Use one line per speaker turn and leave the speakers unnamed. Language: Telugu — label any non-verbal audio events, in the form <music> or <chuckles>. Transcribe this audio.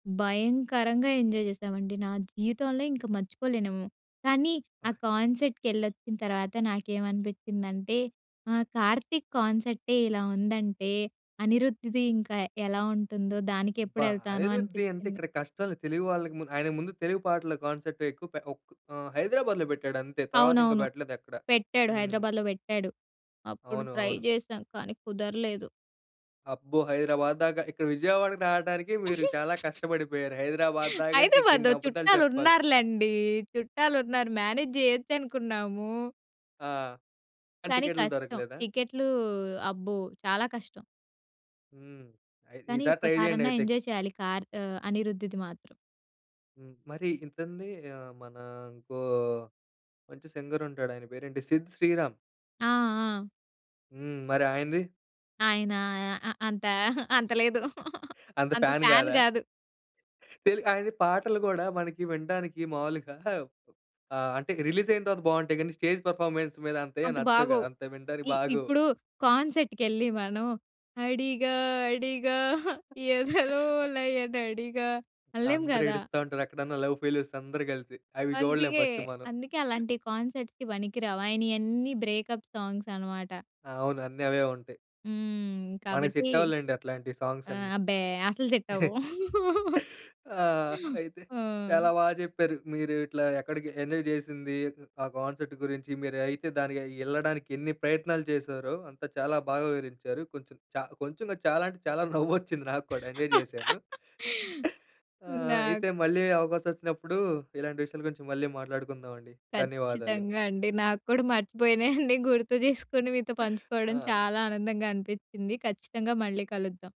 భయంకరంగా ఎంజాయ్ జేశామండి. నా జీవితంలో ఇంక మర్చిపోలేనేమో! కానీ ఆ
అబ్బ!
కాన్సర్ట్‌కి ఎల్లోచ్చిన తర్వాత నాకేమనిపించిందంటే ఆ! కార్తీక్ కాన్సర్టే ఇలా ఉందంటే, అనిరుద్‌ది ఇంకా యెలా ఉంటుందో? దానికెప్పుడు
అబ్బా!
ఎళ్తానో
అనిరుద్‌ది అంటే
అనిపిచ్చింది?
ఇక్కడ కష్టాలు తెలుగు వాళ్ళకి ముంద్ ఆయనకు ముందు తెలుగు పాటల కాన్సర్ట్ ఎక్కువ పే ఒక్ ఆహ్, హైదరాబాద్‌లో బెట్టాడు అంతే. తరువాత ఇంకా
అవునవును.
బెట్టలేదు ఎక్కడ.
పెట్టాడు.
హ్మ్.
హైదరాబాద్‌లో పెట్టాడు. అప్పుడు
అవును.
ట్రై
అవును.
చేశాం. కానీ కుదరలేదు.
అబ్బో! హైదరాబాద్ దాక. ఇక్కడ విజయవాడకి రాటానికి మీరు చాలా
<giggles>
కష్టబడిపోయారు. హైదరాబాద్ దాకంటే
హైదరాబాద్‌లో
ఇంకెన్ని అబద్దాలు జెప్పాల్
చుట్టాలున్నారు లెండి, చుట్టాలున్నారు మ్యానేజ్ జేయొచ్చనుకున్నాము.
ఆ! కానీ
కానీ
టికెట్లు
కష్టం.
దొరకలేదా?
టికెట్లు అబ్బో! చాలా కష్టం.
హ్మ్. అయి ఈ
కానీ
సారి ట్రై
ఒక్కసారన్నా
జేయండైతే.
ఎంజాయ్ చేయాలి కార్ ఆహ్, అనిరుద్‌ది మాత్రం.
హ్మ్. మరి ఇతనిది? ఆహ్, మన ఇంకో మంచి సింగర్ ఉంటాడు ఆయన పేరేంటి సిద్ శ్రీరామ్.
ఆ! ఆ!
హ్మ్. మరి ఆయనది?
ఆయన ఆహ్, ఆహ్, అంత, అంత లేదు. <laughs>
అంత
అంత
ఫ్యాన్
ఫ్యాన్
గాదా?
గాదు.
తెలుగు ఆయనయి పాటలు గూడా మనకి వినడానికి మామూలుగా <chuckles> ఆహ్, అంటే రిలీజ్ అయిన తరువాత బాగుంటయి. కానీ, స్టేజ్ పర్ఫార్మెన్స్ మీద అంటే
అంత
నచ్చవు గదా!
బాగోవు.
అంత వినడానికి
ఇ
బాగోవు.
ఇప్పుడు కాన్సర్ట్ కెళ్ళి మనం, అడిగా! అడిగా! ఎదలో
<chuckles>
లయన‌డిగా! అనలేం
అందరు
గదా!
ఏడుస్తా ఉంటారు. ఎక్కడన్నా లవ్ ఫెయిల్యూర్స్ అందరూ గలిపి. అవి జూడలేం
అందుకే!
ఫస్ట్ మనం.
అందుకే
<chuckles>
అలాంటియి కాన్సర్ట్స్‌కి బనికిరావు. ఆయనయన్నీ బ్రేకప్ సాంగ్స్ అన్నమాట.
అవును. అన్నీ అవే ఉంటయి.
హ్మ్.
మనకి
కాబట్టి
సెట్ అవ్వవులేండి అట్లాంటి సాంగ్స్
ఆ!
అన్నీ.
అబ్బే అసలు సెట్టవవు.
<chuckles>
<laughs>
ఆ! అయితే!
ఆ!
చాలా బా చెప్పారు. మీరు ఇట్లా ఎక్కడికి ఎంజాయ్ జేసింది, ఆ కాన్సర్ట్ గురించి, మీరైతే దానిగయి ఎళ్ళడానికి ఎన్ని ప్రయత్నాలు జేసారో? అంతా చాలా బాగా వివరించారు. కొంచెం చా కొంచెం గాదు. చాలా అంటే చాలా నవ్వొచ్చింది నాక్కూడా ఎంజాయ్ జేశాను.
<laughs>
<chuckles> ఆ!
నాక్
అయితే మళ్ళీ అవకాశం ఒచ్చినప్పుడు, ఇలాంటి విషయాల గురించి మళ్ళీ మాట్లాడుకుందామండి. ధన్యవాదాలు.
ఖచ్చితంగా అండి. నాక్కూడా మర్చిపోయినయన్ని గుర్తు జేసుకొని మీతో
<chuckles>
పంచుకోవడం
ఆ!
చాలా ఆనందంగా అనిపించింది. ఖచ్చితంగా మళ్ళీ కలుద్దాం.